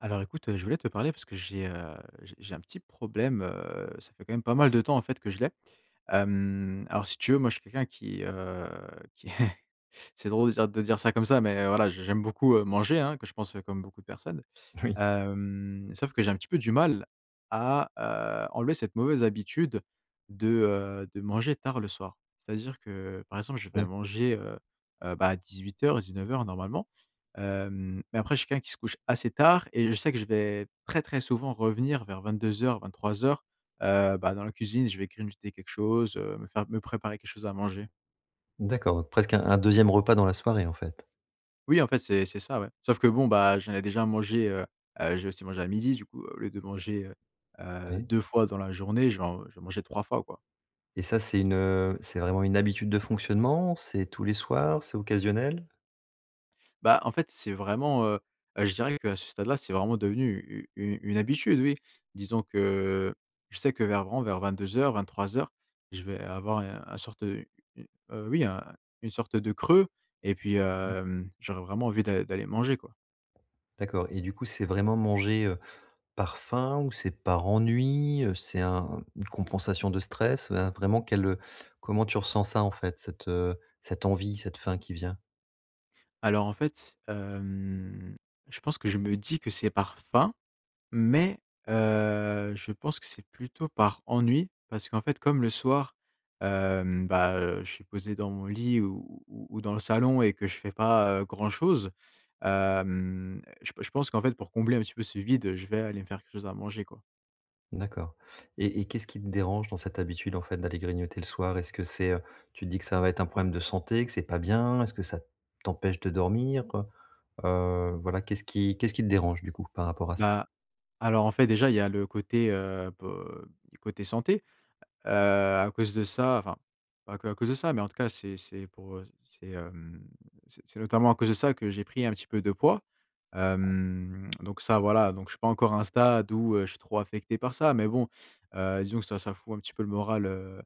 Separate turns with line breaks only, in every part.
Alors écoute, heu, je voulais te parler parce que j'ai, heu, j'ai j'ai un petit problème, heu. Ça fait quand même pas mal de temps, en fait, que je l'ai. Hem, alors si tu veux, moi je suis quelqu'un qui, heu, qui, c'est drôle de dire de dire ça comme ça, mais heu, voilà je j'aime beaucoup, heu, manger, hein, que je pense comme beaucoup de personnes.
Oui.
Hem, sauf que j'ai un petit peu du mal à, heu, enlever cette mauvaise habitude de, heu, de manger tard le soir. C'est-à-dire que, par exemple, je vais
Ouais.
manger, heu heu, bah à 18:00-19:00 normalement. Hem, mais après je suis quelqu'un qui se couche assez tard et je sais que je vais très, très souvent revenir vers 22:00-23:00, heu, bah, dans la cuisine, je vais grignoter quelque chose, heu, me faire me préparer quelque chose à manger.
D'accord, presque un un 2e repas dans la soirée en fait?
Oui, en fait, c'est c'est ça ouais. Sauf que bon, bah, j'en ai déjà mangé, heu. Heu, j'ai aussi mangé à 12:00. Du coup, au lieu de manger, heu heu,
Ouais.
2 fois dans la journée, je vais en je vais manger 3 fois quoi.
Et ça c'est une, heu, c'est vraiment une habitude de fonctionnement? C'est tous les soirs? C'est occasionnel?
Bah, en fait, c'est vraiment, heu heu, je dirais qu'à ce stade là, c'est vraiment devenu, u u une habitude oui. Disons que, je sais que vers vren vers 22:00-23:00, je vais avoir un un sorte de u heu, oui un une sorte de creux et puis,
Mmh mh.
hem, j'aurais vraiment envie d'a d'aller manger quoi.
D'accord et du coup, c'est vraiment manger, heu, par faim? Ou c'est par ennui, heu? C'est un une compensation de stress, un vraiment quel, heu, comment tu ressens ça en fait? Cette, heu, cette envie cette faim qui vient.
Alors, en fait, hem, je pense que je me dis que c'est par faim, mais, heu, je pense que c'est plutôt par ennui. Parce qu'en fait, comme le soir, hem, ben, heu, je suis posé dans mon lit ou ou ou dans le salon et que je fais pas, heu, grand chose, hem, je p je pense qu'en fait, pour combler un petit peu ce vide, heu, je vais aller me faire quelque chose à manger, quoi.
D'accord et et qu'est-ce qui te dérange dans cette habitude en fait d'aller grignoter le soir? Est-ce que c'est heu, tu te dis que ça va être un problème de santé, que c'est pas bien? Est-ce que ça t'empêche de dormir, heu? Heu, voilà, qu'est-ce qui qu'est-ce qui te dérange, du coup, par rapport à ç
Bah. Alors en fait déjà, il y a le côté, heu, po du côté santé, heu, à cause de ça enfin, pas que à cause de ça, mais en tout cas, c'est c'est pour, heu, c'est, hem, c'est c'est notamment à cause de ça que j'ai pris un peu de poids, hem, donc ça, voilà, donc je suis pas encore à un stade où je suis trop affecté par ça, mais bon, heu, disons que ça ça fout un peu le moral, heu,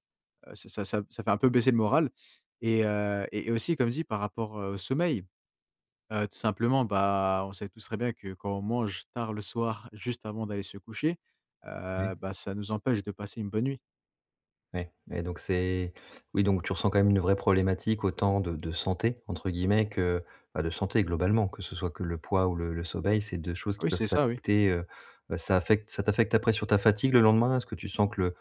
heu, ça ça ça fait un peu baisser le moral. Et, heu, et aussi, comme dit, par rapport, heu, au sommeil, heu, tout simplement, bah, on sait tous très bien que, quand on mange tard le soir juste avant d'aller se coucher,
Oui.
heu, bah, ça nous empêche de passer une bonne nuit.
Ouais, ouais, donc c'est oui, donc tu ressens, quand même, une vraie problématique autant de de «santé» entre guillemets que, bah, de santé, globalement. Que ce soit que le poids ou le le sommeil, c'est 2 choses qui
Oui,
peuvent
c'est ça, oui.
t'affecter, heu heu, ça affecte ça t'affecte après, sur ta fatigue le lendemain? Est-ce que tu sens que le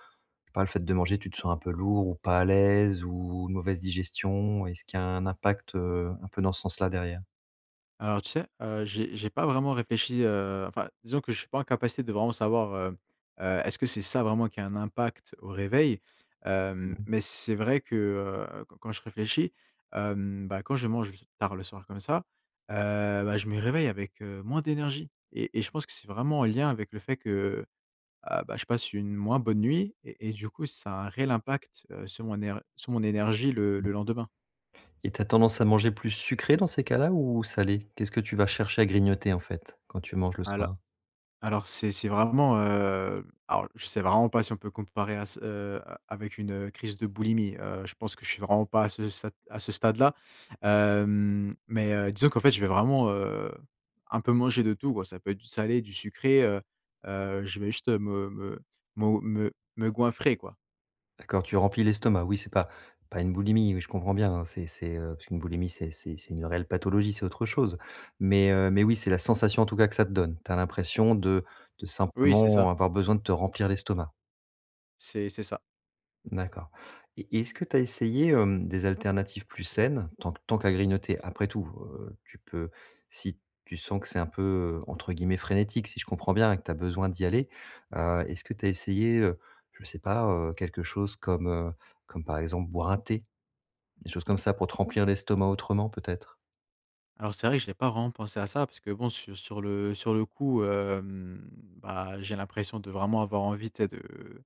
par le fait de manger, tu te sens un peu lourd ou pas à l'aise ou mauvaise digestion? Est-ce qu'il y a un impact, heu, un peu dans ce sens-là, derrière?
Alors, tu sais, heu, j'ai j'ai pas vraiment réfléchi, heu enfin, disons que je suis pas en capacité de vraiment savoir, hem, heu, est-ce que c'est ça vraiment qui a un impact au réveil?
Mmh
Hem,
mh.
mais c'est vrai que, heu, quand quand je réfléchis, hem, bah, quand je mange tard le soir, comme ça, heu, bah, je me réveille avec, heu, moins d'énergie et et je pense que c'est vraiment en lien avec le fait que ah, bah, je passe une moins bonne nuit et et du coup ça a un réel impact, heu, sur mon ner sur mon énergie le le lendemain.
[unintelligible] Et tu as tendance à manger plus sucré, dans ces cas-là, ou salé? Qu'est-ce que tu vas chercher à grignoter, en fait, quand tu manges le
Alo
soir?
alors, c'est c'est vraiment, heu alors je sais vraiment pas si on peut comparer à ç heu, avec une, heu, crise de boulimie. Heu je pense que je suis vraiment pas à ce sat à ce stade là. Hem, mais, heu, disons qu'en fait, je vais vraiment, heu, un peu manger de tout, quoi. Ça peut être du salé, du sucré, heu. Heu, je vais juste me me mo me me goinfrer, quoi.
D'accord, tu remplis l'estomac. Oui, c'est pas pas une boulimie, oui, je comprends bien, hein, c'est c'est, heu, parce qu'une boulimie c'est c'est c'est une réelle pathologie, c'est autre chose mais, heu, mais oui c'est la sensation, en tout cas, que ça te donne. Tu as l'impression de de
Oui, c'est
simplement
ça.
avoir besoin de te remplir l'estomac?
C'est c'est ça.
D'accord. Et et est-ce que tu as essayé, hem, des alternatives plus saines tant qu tant qu'à grignoter après tout, heu, tu peux si tu sens que c'est un peu, heu, entre guillemets «frénétique», si je comprends bien et que tu as besoin d'y aller, heu, est-ce que tu as essayé, heu, je sais pas, heu, quelque chose comme, heu, comme, par exemple, boire un thé? Des choses comme ça pour te remplir l'estomac autrement, peut-être?
Alors c'est vrai que j'ai pas vraiment pensé à ça parce que bon, su sur le sur le coup, hem, bah, j'ai l'impression de vraiment avoir envie, tu sais, de, heu,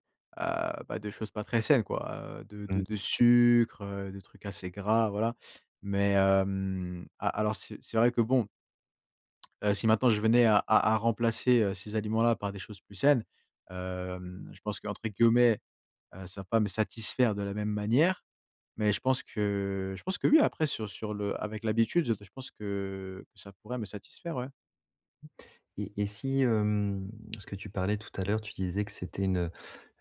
bah de choses pas très saines quoi, heu, de
Mmh
de
mh.
de sucre, heu, des trucs assez gras, voilà, mais, hem, a alors, c'est c'est vrai que bon, heu, si maintenant je venais à à à remplacer, heu, ces aliments-là par des choses plus saines, hem, je pense qu'entre guillemets, heu, ça va pas me satisfaire de la même manière mais je pense que je pense que oui. Après sur sur le avec l'habitude je de je pense que ça pourrait me satisfaire, ouais.
Et et si hem, ce que tu parlais tout à l'heure, tu disais que c'était une, heu,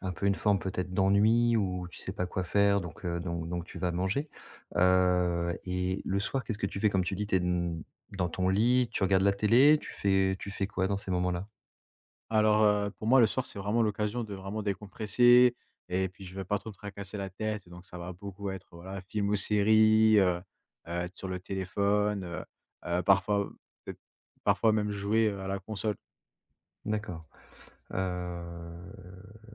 un peu une forme peut-être d'ennui ou tu sais pas quoi faire, donc, heu, donc donc tu vas manger. Heu, et le soir, qu'est-ce que tu fais? Comme tu dis, tu es n dans ton lit, tu regardes la télé? Tu fais tu fais quoi dans ces moments-là?
Alors, heu, pour moi, le soir, c'est vraiment l'occasion de vraiment décompresser. Et puis, je vais pas trop me tracasser la tête donc ça va beaucoup être, voilà, film ou série, heu heu, être sur le téléphone, heu heu, parfois, heu, peut-être parfois même jouer, heu, à la console.
D'accord. Heu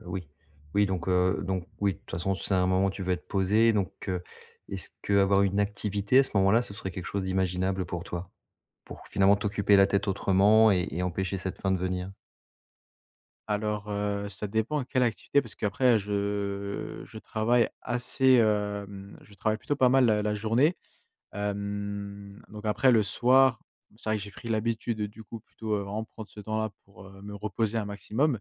oui. Oui, donc heu, donc, oui. De toute façon c'est un moment tu veux être posé donc, heu, est-ce qu'avoir une activité, à ce moment-là, ce serait quelque chose d'imaginable pour toi? Pour finalement t'occuper la tête autrement et et empêcher cette faim de venir?
Alors, heu, ça dépend à quelle activité, parce qu'après je je travaille assez, hem, je travaille plutôt, pas mal, la la journée. Hem, donc après, le soir, c'est vrai que j'ai pris l'habitude, du coup, plutôt, vraiment prendre ce temps là, pour, heu, me reposer un maximum.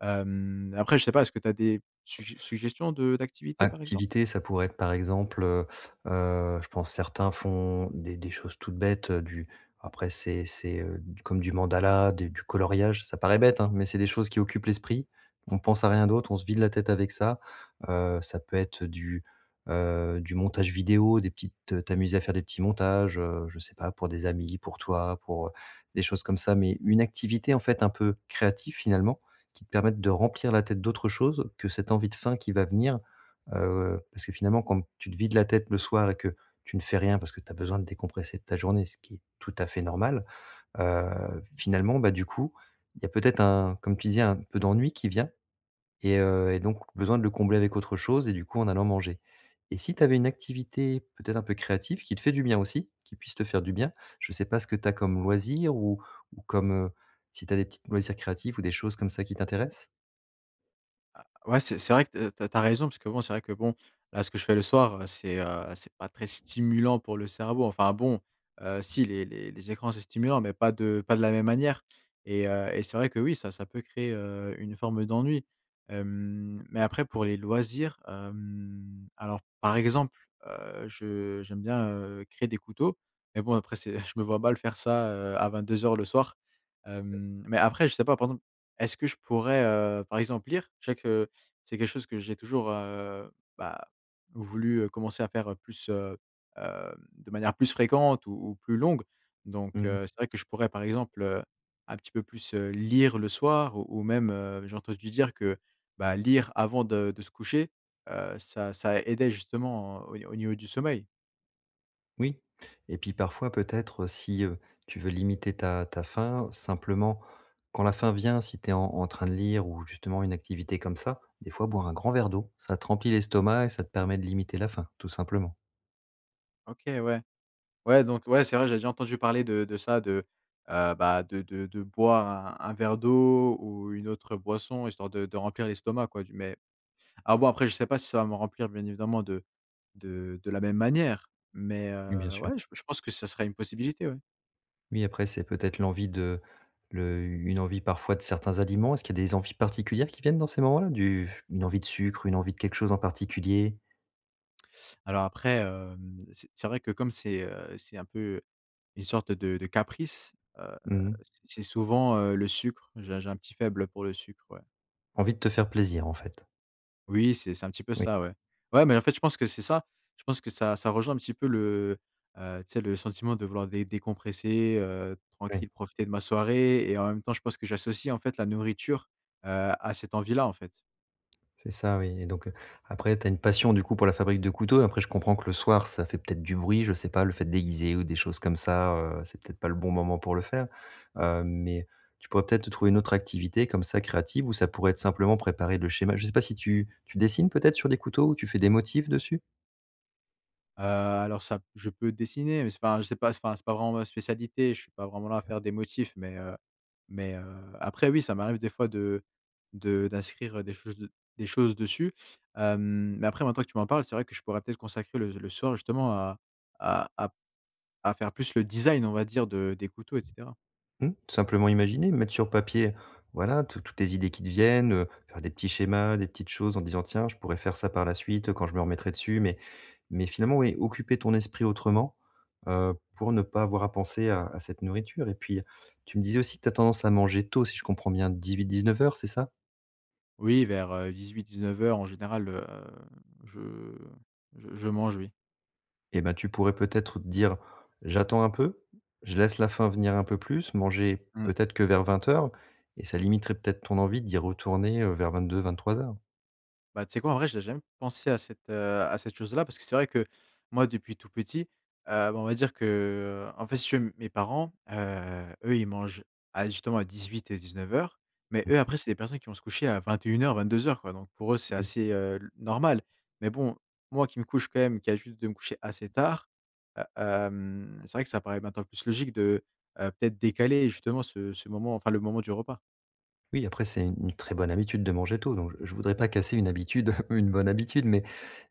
Hem, après je sais pas, est-ce que tu as des suggé suggestions de d'activités, par exemple?
Activité, ça pourrait être, par exemple, heu heu. Je pense certains font des des choses toutes bêtes, heu, du après, c'est c'est, heu, d comme du mandala, d du coloriage, ça paraît bête, hein, mais c'est des choses qui occupent l'esprit. On pense à rien d'autre, on se vide la tête avec ça. Heu, ça peut être du, heu, du montage vidéo, des petites t'amuser à faire des petits montages, heu, je sais pas, pour des amis, pour toi, pour, heu des choses comme ça, mais une activité, en fait, un peu créative, finalement, qui te permette de remplir la tête d'autres choses que cette envie de faim qui va venir, heu. Parce que, finalement, quand tu te vides la tête le soir et que tu ne fais rien, parce que tu as besoin de décompresser de ta journée ce qui est tout à fait normal, heu, finalement, bah, du coup, il y a peut-être un comme tu disais, un peu d'ennui qui vient et heu, et donc, besoin de le combler avec autre chose et du coup, en allant manger, et si tu avais une activité, peut-être, un peu créative, qui te fait du bien aussi, qui puisse te faire du bien. Je sais pas ce que tu as comme loisir, ou ou comme si tu as des petites loisirs créatifs ou des choses comme ça qui t'intéressent?
Ah ouais, c'est c'est vrai que tu as tu as raison puisque, bon, c'est vrai que, bon, là, ce que je fais le soir, c'est, heu, c'est pas très stimulant pour le cerveau. Enfin bon, heu, si les les les écrans, c'est stimulant, mais pas de pas de la même manière et heu, c'est vrai que, oui, ça ça peut créer, heu, une forme d'ennui, hem, mais après, pour les loisirs, hem, alors par exemple, heu, je j'aime bien, heu, créer des couteaux, mais bon, après c'est je me vois mal faire ça à 22:00 le soir,
Oui.
hem, mais après, je sais pas, par exemple, est-ce que je pourrais, heu, par exemple lire? Je sais que c'est quelque chose que j'ai toujours, heu, bah, voulu commencer à faire plus, heu, hem, de manière plus fréquente ou ou plus longue, donc,
Mmh.
heu, c'est vrai que je pourrais par exemple, heu, un petit peu plus lire le soir ou ou même, heu, j'ai entendu dire que, bah, lire avant de de se coucher, heu, ça ça aidait justement, heu, au ni au niveau du sommeil.
Oui, et puis parfois peut-être, heu, si, heu, tu veux limiter ta ta faim, simplement, quand la faim vient, si tu es en en train de lire ou justement, une activité comme ça. Des fois, boire un grand verre d'eau, ça te remplit l'estomac et ça te permet de limiter la faim, tout simplement.
OK, ouais. Ouais, donc ouais, c'est vrai, j'ai déjà entendu parler de de ça de, heu, bah, de de de boire un un verre d'eau ou une autre boisson histoire de de remplir l'estomac quoi du mais à voir, après, je sais pas si ça va me remplir, bien évidemment, de de de la même manière, mais,
Mais, bien
heu,
sûr.
ouais je je pense que ce serait une possibilité, ouais.
Oui, après, c'est peut-être l'envie de le une envie parfois de certains aliments, est-ce qu'il y a des envies particulières qui viennent dans ces moments-là? Du une envie de sucre? Une envie de quelque chose en particulier?
Alors après, hem, c'est c'est vrai que comme c'est heu, c'est un peu, une sorte de de caprice, heu,
Mmh mh.
c'est souvent, heu, le sucre. J'ai j'ai un petit faible, heu, pour le sucre, ouais.
Envie de te faire plaisir en fait.
Oui, c'est c'est un petit peu
Oui.
ça, ouais. Ouais, mais en fait, je pense que c'est ça. Je pense que ça ça rejoint un petit peu le heu, tu sais? Le sentiment de vouloir dé décompresser, heu,
Oui.
tranquille profiter de ma soirée et en même temps, je pense que j'associe en fait la nourriture, heu, à cette envie là en fait.
C'est ça oui, et donc, heu, après tu as une passion du coup pour la fabrique de couteaux. Après je comprends que le soir, ça fait peut-être du bruit, je sais pas, le fait d'aiguiser ou des choses comme ça, heu, c'est peut-être pas le bon moment pour le faire. Hem, mais tu pourrais peut-être te trouver une autre activité, comme ça créative, ou ça pourrait être simplement préparer le schéma. Je sais pas si tu tu dessines peut-être sur des couteaux ou tu fais des motifs dessus?
Heu, alors ça p je peux dessiner, mais c'est pas un je sais pas, c'est pas un c'est pas vraiment ma spécialité. Je suis pas vraiment là à
[unintelligible]
faire des motifs, mais, heu mais, heu, après oui, ça m'arrive des fois de de d'inscrire, heu, des choses de des choses dessus. Hem, mais après maintenant que tu m'en parles, c'est vrai que je pourrais peut-être consacrer le le soir justement à à à p à faire plus le design on va dire de des couteaux et cetera.
Mmh. Simplement imaginer. Mettre sur papier voilà, tout toutes les idées qui te viennent, heu, faire des petits schémas, des petites choses en disant: «Tiens je pourrais faire ça par la suite, heu, quand je me remettrai dessus» mais mais finalement oui, occuper ton esprit autrement, heu, pour ne pas avoir à penser à à cette nourriture. Et puis, tu me disais aussi que tu as tendance à manger tôt si je comprends bien, 18:00-19:00 c'est ça?
Oui vers, heu, 18:00-19:00 en général, heu, je je je mange oui.
Et bah, tu pourrais peut-être, heu, te dire: «J'attends un peu, je laisse la faim venir un peu plus», manger
Mmh.
peut-être que vers 20:00, et ça limiterait peut-être ton envie d'y retourner, heu, vers 22:00-23:00.
Bah tu sais quoi? En vrai, j'ai jamais pensé à cette, heu, à cette chose là. Parce que c'est vrai que, moi depuis tout petit, heu, bah on va dire que, en fait, si tu veux m mes parents, heu, eux, ils mangent, à justement, à 18 et 19:00. Mais
Mmh.
eux, après, c'est des personnes qui vont se coucher à 21:00-22:00, quoi. Donc pour eux, c'est
Mmh.
assez, heu, le normal. Mais bon, moi qui me couche quand même, qui a l'habitude de me coucher assez tard, heu, hem, c'est vrai que ça paraît maintenant plus logique de, heu, peut-être décaler justement ce ce moment, enfin le moment du repas.
Oui après c'est u une très bonne habitude de manger tôt. Donc je je voudrais pas casser une habitude, ou une bonne habitude. Mais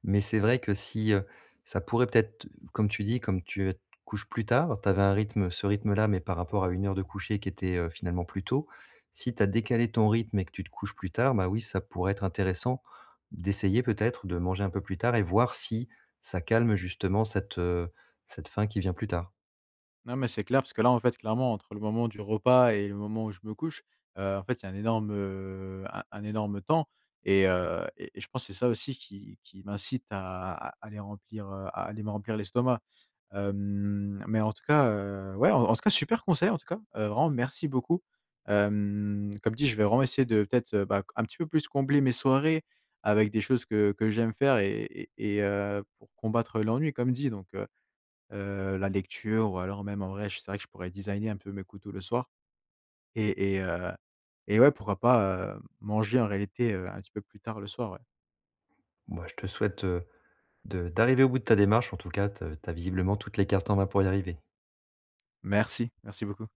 mais c'est vrai que si, heu, ça pourrait, peut-être comme tu dis, comme tu, heu, te couches plus tard. Tu avais un rythme, ce rythme là, mais par rapport à une heure de coucher qui était, heu, finalement plus tôt, si tu as décalé ton rythme et que tu te couches plus tard, ben oui ça pourrait être intéressant, d'essayer, peut-être, de manger un peu plus tard et voir si, ça calme justement cette, heu, cette faim qui vient plus tard.
Non, mais c'est clair, parce que là, en fait, clairement entre le moment du repas et le moment où je me couche. Heu, en fait, il y a un énorme heu, un un énorme temps et heu, et et je pense c'est ça aussi qui qui m'incite à à aller remplir, heu, à aller me remplir l'estomac. Hem, mais en tout cas, heu, ouais, en tout cas super conseil, en tout cas, vraiment merci beaucoup, hem. Comme dit, je vais vraiment essayer de, peut être, heu, bah, co un petit peu plus combler mes soirées avec des choses que que j'aime faire et et et heu, pour combattre l'ennui, comme dit donc, heu. Heu, la lecture ou alors même en vrai, je sais, c'est vrai que je pourrais designer un peu mes couteaux le soir. Et et heu, et ouais pourquoi pas, heu, manger en réalité, un petit peu plus tard le soir, ouais.
Bah, je te souhaite, heu, de d'arriver au bout de ta démarche en tout cas. Te tu as visiblement toutes les cartes en main pour y arriver.
Merci. Merci beaucoup.